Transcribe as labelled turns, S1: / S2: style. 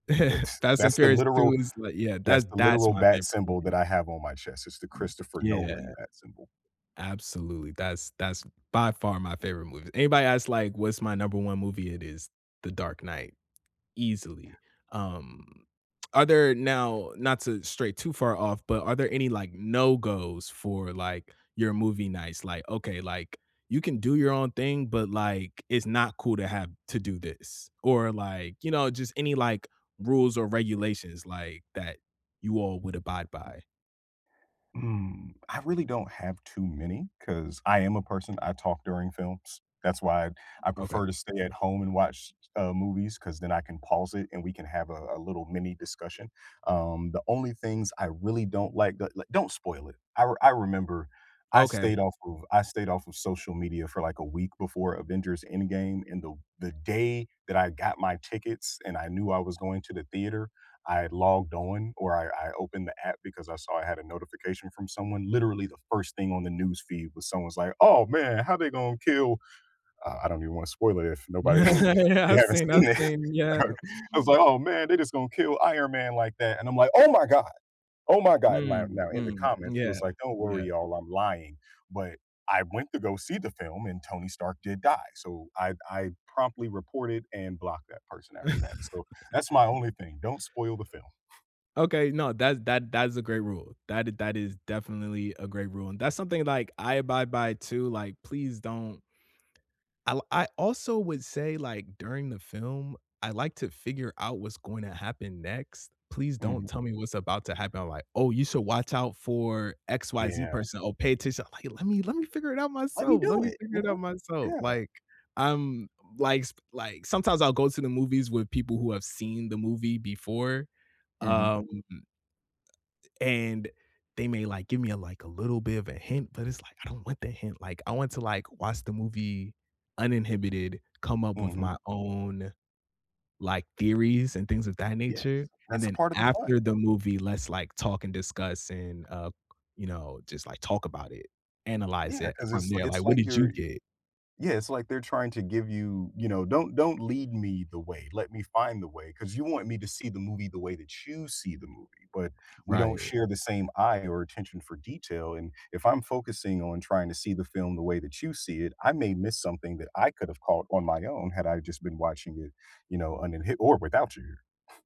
S1: It's
S2: Fast and
S1: that's the
S2: Furious
S1: literal
S2: 2 is, like Yeah,
S1: that's
S2: that's
S1: the
S2: that's
S1: literal
S2: my
S1: bat
S2: favorite
S1: symbol that
S2: movie.
S1: I have on my chest, it's the Christopher Nolan
S2: Yeah.
S1: bat symbol.
S2: Absolutely, that's that's by far my favorite movie. Anybody ask, like, what's my number 1 movie, it is The Dark Knight,
S1: Yeah.
S2: easily, um, are there Now, not to stray too far off, but are there any, like, no-goes for, like, your movie nights, like, "Okay," like, "you can do your own thing, but, like, it's not cool to have to do this." Or, like, you know, just any, like, rules or regulations, like, that you all would abide by?
S1: Mm, I really don't have too many, 'cause I am a person, I talk during films, that's why I I
S2: Okay.
S1: prefer to stay at home and watch, uh, movies 'cause then I can pause it and we can have a a little mini discussion. Um, the only things I really don't like that, like Don't spoil it. I re I remember, I
S2: Okay.
S1: stayed off of I stayed off of social media for, like a week before Avengers Endgame, and the w the day that I got my tickets and I knew I was going to the theater, I had logged on, or I I opened the app because I saw I had a notification from someone, literally, the 1st thing on the news feed was someone's like, "Oh, man, how they gonna kill" uh, I don't even wanna spoil it if nobody if
S2: Yeah,
S1: you
S2: I've
S1: haven't
S2: seen I've
S1: seen it,
S2: seen yeah.
S1: [unintelligible] I was like, "Oh, man, they just gonna kill Iron Man like that," and I'm like, "Oh my god! Oh my god." Now
S2: Mm.
S1: now in the
S2: Mm.
S1: comments, he
S2: Yeah.
S1: was like, "Don't worry,
S2: Yeah.
S1: y'all, I'm lying," But I went to go see the film, and Tony Stark did die, so I'd I promptly reported and blocked that person after that, so that's my only thing, don't spoil the film.
S2: Okay, no, thats that that's a great rule, that i that is definitely a great rule, and that's something, like, I abide by too, like, "Please don't." I'll I also would say, like, during the film, I like to figure out what's going to happen next, please don't
S1: Mhm.
S2: tell me what's about to happen, like, "Oh, you should watch out for XYZ
S1: Yeah.
S2: person." "Oh, pay attention." uh, like, "Let me let me figure it out
S1: "Let me
S2: myself, let
S1: do
S2: me
S1: it,
S2: figure
S1: you
S2: it out
S1: know?"
S2: myself."
S1: Yeah.
S2: Like, I'm, like, sp like, sometimes I'll go to the movies with people who have seen the movie before,
S1: Mhm.
S2: um, a a and they may, like, "Give me a, like, a little bit of a hint." but it's like, "I don't want the hint, like, I want to, like, watch the movie uninhibited, come up with
S1: Mhm.
S2: my own, like, theories, and things of that
S1: Yes,
S2: nature, and
S1: that's a
S2: then
S1: part of the fun.
S2: after the movie, let's, like, talk and discuss and, uh, you know, just, like, talk about it, analyze
S1: Yeah,
S2: it
S1: 'cause
S2: from
S1: it's li
S2: there, like,
S1: it's
S2: 'What
S1: like
S2: did you
S1: you're
S2: get?'"
S1: Yeah, it's like they're trying to give you, you know, "Don't don't lead me the way, let me find the way, 'cause you want me to see the movie the way that you see the movie, but, we don't
S2: Right.
S1: share the same eye or attention for detail, and if I'm focusing on trying to see the film the way that you see it, I may miss something that I could've caught on my own had I just been watching it, you know, uninhib or without your"